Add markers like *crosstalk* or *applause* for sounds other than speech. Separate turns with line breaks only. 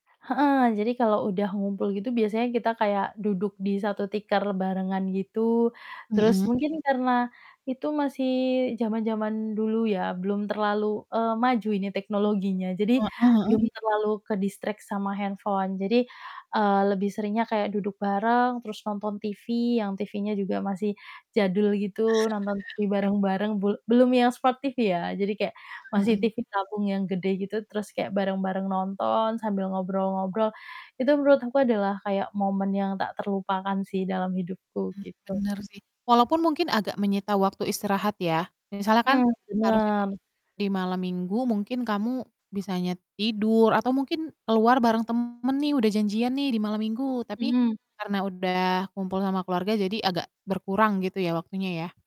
Heeh, jadi kalau udah ngumpul gitu biasanya kita kayak duduk di satu tikar barengan gitu. Terus
Hmm.
mungkin karena itu masih zaman-zaman dulu ya belum terlalu, eee, maju ini teknologinya. Jadi
Heeh heeh.
belum terlalu ke-distract sama handphone. Jadi, eee, lebih seringnya kayak duduk bareng terus nonton TV, yang TV-nya juga masih jadul gitu nonton TV
*chuckles* Oke.
bareng-bareng bul belum yang Smart TV, ya. Jadi kayak
Hmm
masih
hmm.
TV tabung yang gede gitu terus kayak bareng-bareng nonton sambil ngobrol-ngobrol. Itu menurut aku adalah kayak momen yang tak terlupakan sih dalam hidupku
Hmm,
gitu.
bener sih. Walaupun mungkin agak menyita waktu istirahat ya misalnya kan
Hmm,
harusnya kan
bener.
di malam minggu mungkin kamu bisanya t tidur atau mungkin keluar bareng temen nih udah janjian nih di malam minggu tapi
Hmm.
karena udah kumpul sama keluarga jadi agak berkurang gitu ya, waktunya, ya.